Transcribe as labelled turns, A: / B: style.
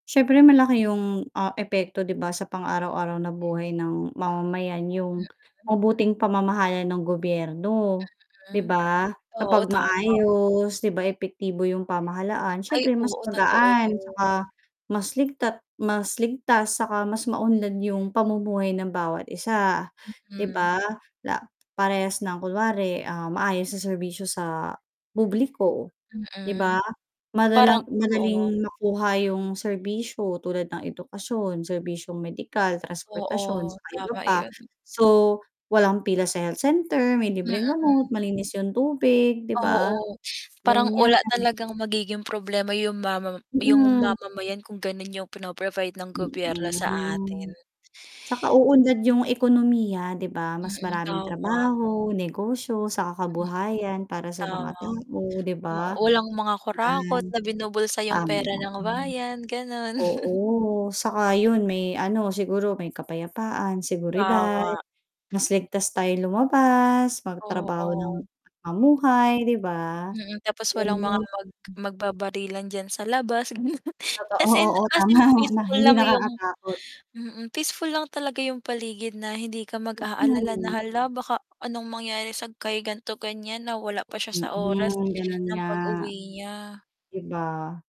A: Siyempre malaki 'yung, ah, epekto 'di ba sa pang-araw-araw na buhay ng mamamayan
B: Mm.
A: 'yung mabuting pamamahala ng gobyerno, 'di
B: Mm.
A: ba?
B: Oo
A: Kapag
B: tama.
A: maayos 'di ba, epektibo 'yung pamahalaan
B: Ay,
A: siyempre mas
B: oo, totoo
A: magaan
B: 'yon.
A: tsaka mas ligta mas ligtas saka mas maunlad 'yung pamumuhay ng bawat isa, 'di
B: Mm.
A: ba? La parehas ng kunyari, ah, maayos na serbisyo sa publiko, di ba,
B: Mm, parang
A: madalang
B: oo
A: madaling makuha 'yung serbisyo tulad ng edukasyon, serbisyong medikal, transportasyon,
B: Oo,
A: saka iba
B: tama
A: pa,
B: 'yon.
A: so, walang pila sa health center, may libreng
B: Mm.
A: gamot, malinis 'yung tubig di ba,
B: Oo, parang
A: ganiyan.
B: wala talagang magiging problema 'yung mama 'yung
A: Mm.
B: mamamayan kung gano'n 'yung pino-provide ng gobyerno sa atin.
A: Mm. Tsaka uunlad 'yung ekonomiya 'di ba, mas
B: Mm,
A: maraming
B: tama.
A: trabaho, negosyo, saka
B: Mm,
A: kabuhayan para sa mga
B: tama.
A: tao, 'di
B: Oo,
A: ba?
B: walang mga kurakot na binubulsa
A: Yan,
B: 'yung
A: tama,
B: pera ng
A: hmm.
B: bayan gano'n.
A: Oo, saka 'yun may ano siguro may kapayapaan, seguridad,
B: Tama.
A: mas ligtas tayong lumabas, magtrabaho ng
B: Oo.
A: mamuhay, di ba?
B: Mm, tapos walang mga
A: Ganun.
B: mag magbabarilan diyan sa labas
A: Totoo.
B: as in
A: Oo,
B: as
A: tama
B: in
A: na
B: peaceful
A: hindi
B: lang 'yung
A: nakakatakot.
B: mm, peaceful lang talaga 'yung paligid na hindi ka mag-aalala na,
A: Mm.
B: "Hala baka anong mangyari sa kay gan'to, ganiyan na wala pa siya sa oras
A: Mm, gano'n
B: ng
A: nga,
B: pag-uwi niya."
A: di ba?